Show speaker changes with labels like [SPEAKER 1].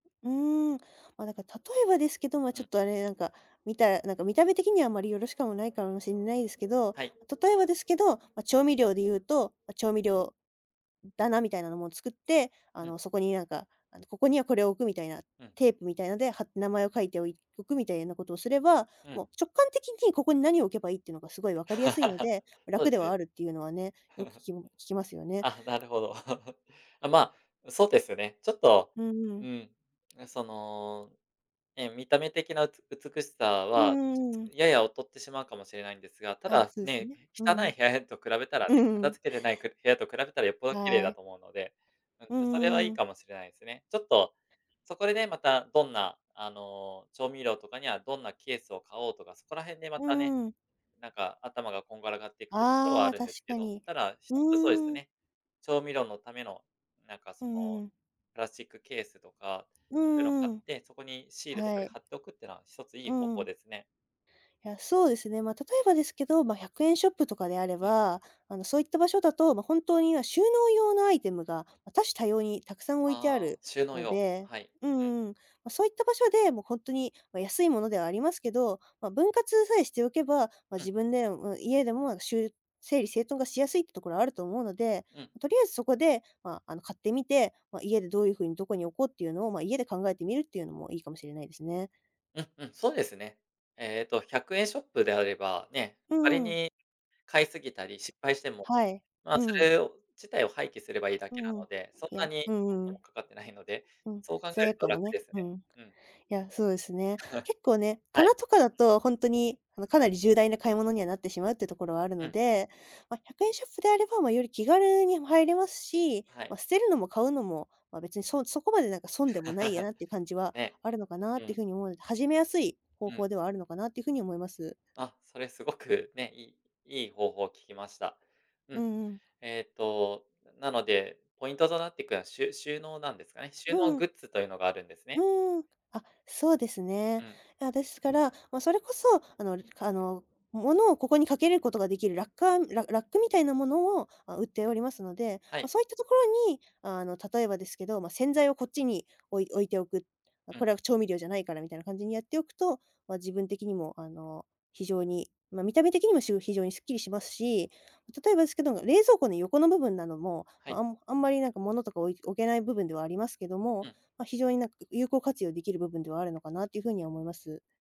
[SPEAKER 1] うーん、ま、なんか、例えばですけど、ま、
[SPEAKER 2] う
[SPEAKER 1] ちょ
[SPEAKER 2] ん。
[SPEAKER 1] っとあれ、なんか見たなんか見た目的にはあんまりよろしくないかもしんないですけど、
[SPEAKER 2] はい。
[SPEAKER 1] ま、例えばですけど、ま、調味料で言うとま、調味料だなみたいなのも作って、あ
[SPEAKER 2] うん。
[SPEAKER 1] のそこになんか、あの、ここにはこれを置くみたいな、
[SPEAKER 2] うん。
[SPEAKER 1] テープみたいのでは名前を書いておいおくみたいなことをすれば、
[SPEAKER 2] うん。
[SPEAKER 1] もう直感的にここに何を置けばいいってのが凄い分かりやすいの で、
[SPEAKER 2] そうっ
[SPEAKER 1] 楽
[SPEAKER 2] す
[SPEAKER 1] では
[SPEAKER 2] ね。
[SPEAKER 1] あるっていうのはね、よく聞 き聞きますよね。
[SPEAKER 2] あ、なるほど。ああまあ、そうですよね、ちょっと、
[SPEAKER 1] うん。
[SPEAKER 2] うん、あ、その、ええ見た目的なうつ美しさ
[SPEAKER 1] うん
[SPEAKER 2] は、
[SPEAKER 1] う
[SPEAKER 2] ちょ
[SPEAKER 1] んうん。
[SPEAKER 2] やや劣ってしまうかもしれないんですが、た
[SPEAKER 1] あ、
[SPEAKER 2] だ、
[SPEAKER 1] そうです
[SPEAKER 2] ね、
[SPEAKER 1] ね、う
[SPEAKER 2] 汚い
[SPEAKER 1] ん。
[SPEAKER 2] 部屋と比べたらね、
[SPEAKER 1] う
[SPEAKER 2] 片
[SPEAKER 1] ん。
[SPEAKER 2] 付けてないく部屋と比べたらよっぽど綺麗
[SPEAKER 1] は
[SPEAKER 2] だ
[SPEAKER 1] い。
[SPEAKER 2] と思うので、うん
[SPEAKER 1] う
[SPEAKER 2] と、それはいい
[SPEAKER 1] ん。
[SPEAKER 2] かもしれないすね。ちょっと、そこでね、またどんなあの調味料とかにはどんなケースを買おうとか、そこら辺でま
[SPEAKER 1] う
[SPEAKER 2] たね、
[SPEAKER 1] ん。
[SPEAKER 2] なんか頭がこんがらがっていくってところは
[SPEAKER 1] あ
[SPEAKER 2] あ
[SPEAKER 1] あ、
[SPEAKER 2] るん
[SPEAKER 1] 確
[SPEAKER 2] ですけ
[SPEAKER 1] か
[SPEAKER 2] ど、
[SPEAKER 1] に。
[SPEAKER 2] ただ、1つそうです
[SPEAKER 1] うん。
[SPEAKER 2] ね、調味料のための、なんか
[SPEAKER 1] う
[SPEAKER 2] そ
[SPEAKER 1] んう
[SPEAKER 2] の
[SPEAKER 1] んうん。
[SPEAKER 2] プラスチックケースとか、
[SPEAKER 1] う
[SPEAKER 2] そういうの買
[SPEAKER 1] ー
[SPEAKER 2] っ
[SPEAKER 1] ん。
[SPEAKER 2] て、そこにシールとか
[SPEAKER 1] は
[SPEAKER 2] で
[SPEAKER 1] い。
[SPEAKER 2] 貼っておくっていうのは1ついい
[SPEAKER 1] う
[SPEAKER 2] 方法
[SPEAKER 1] ん。
[SPEAKER 2] ですね。
[SPEAKER 1] や、そうですね、まあ、例えばですけど、ま、100円ショップとかであれ
[SPEAKER 2] うん。
[SPEAKER 1] ば、あの、そういった場所だと、ま、本当に今、収納用のアイテムが、ま、多種多様にたくさん置いてあ
[SPEAKER 2] ああ、
[SPEAKER 1] る
[SPEAKER 2] 収納
[SPEAKER 1] の
[SPEAKER 2] 用、
[SPEAKER 1] で、
[SPEAKER 2] はい、
[SPEAKER 1] うんう
[SPEAKER 2] うん。
[SPEAKER 1] んうん。ま、そういった場所で、もうほんとに、ま、安いものではありますけど、ま、分割さえしておけば、ま、
[SPEAKER 2] うん。
[SPEAKER 1] 自分で、ま、家でもしゅう整理整頓がしやすいってところあると思うので、
[SPEAKER 2] うん。
[SPEAKER 1] とりあえずそこで、まあ、あの、買ってみて、ま、家でどういうふうにどこに置こうっていうのを、まあ、家で考えてみるっていうのもいいかもしれないですね。
[SPEAKER 2] うんうん、そうですね。えっと、100円ショップであれば、ね、
[SPEAKER 1] う
[SPEAKER 2] 仮
[SPEAKER 1] ん。
[SPEAKER 2] に買いすぎたり、失敗しても、
[SPEAKER 1] はい、
[SPEAKER 2] まあ
[SPEAKER 1] う
[SPEAKER 2] そ
[SPEAKER 1] ん。
[SPEAKER 2] れを、自体を廃棄すればいいだけな
[SPEAKER 1] うん、
[SPEAKER 2] の
[SPEAKER 1] い
[SPEAKER 2] で、そんな
[SPEAKER 1] や、
[SPEAKER 2] に
[SPEAKER 1] うんう
[SPEAKER 2] [unintelligible]
[SPEAKER 1] ん。
[SPEAKER 2] かかってないので、
[SPEAKER 1] うん、
[SPEAKER 2] そう考え
[SPEAKER 1] 罪
[SPEAKER 2] る
[SPEAKER 1] 悪
[SPEAKER 2] と
[SPEAKER 1] 感も
[SPEAKER 2] 楽で
[SPEAKER 1] ね、
[SPEAKER 2] すね。
[SPEAKER 1] うん。い
[SPEAKER 2] うん。
[SPEAKER 1] や、そうですね。結構ね、
[SPEAKER 2] はい。
[SPEAKER 1] 棚とかだと、ほんとに、あの、かなり重大な買い物にはなってしまうっていうところはある
[SPEAKER 2] う
[SPEAKER 1] の
[SPEAKER 2] ん。
[SPEAKER 1] で、ま、100円ショップであれば、ま、より気軽に入れますし、
[SPEAKER 2] はい。
[SPEAKER 1] ま、捨てるのも買うのも、ま、別にそそこまでなんか損でもないや なっていう感じは
[SPEAKER 2] ね、
[SPEAKER 1] あるのかなっ
[SPEAKER 2] う
[SPEAKER 1] ていう
[SPEAKER 2] ん。
[SPEAKER 1] ふうに思うので、始めやすい方
[SPEAKER 2] うん。
[SPEAKER 1] 法ではあるのかなっていうふうに思います。
[SPEAKER 2] あ、それすごくね、いいいい方法を聞きました。う
[SPEAKER 1] う
[SPEAKER 2] ん。
[SPEAKER 1] んうん。
[SPEAKER 2] えっと、なので、ポイントとなってくのは、しゅ収納なんですかね、収
[SPEAKER 1] う
[SPEAKER 2] 納
[SPEAKER 1] ん。
[SPEAKER 2] グッズというのがあるんですね。
[SPEAKER 1] うーん。あ、そうです
[SPEAKER 2] う
[SPEAKER 1] ね。
[SPEAKER 2] ん。
[SPEAKER 1] や、ですから、ま、それこそ、あのあの物をここに掛けることができるラッカーララックみたいなものを、あ、売っておりますので、
[SPEAKER 2] は
[SPEAKER 1] ま、
[SPEAKER 2] い。
[SPEAKER 1] そういったところに、あの例えばですけど、ま、洗剤をこっちに置い置いておく。あ、
[SPEAKER 2] うん。
[SPEAKER 1] これは調味料じゃないから、みたいな感じにやっておくと、まあ、自分的にもあの、非常に、まあ見た目的にもしゅう非常にすっきりしますし、ま、例えばですけど、冷蔵庫の横の部分なども、
[SPEAKER 2] はい。
[SPEAKER 1] あんあんまりなんか物とか置い置けない部分ではありますけど
[SPEAKER 2] う
[SPEAKER 1] も、
[SPEAKER 2] ん。
[SPEAKER 1] ま、非常になんか、有効活用できる部分ではあるのかなっていうふうに思います。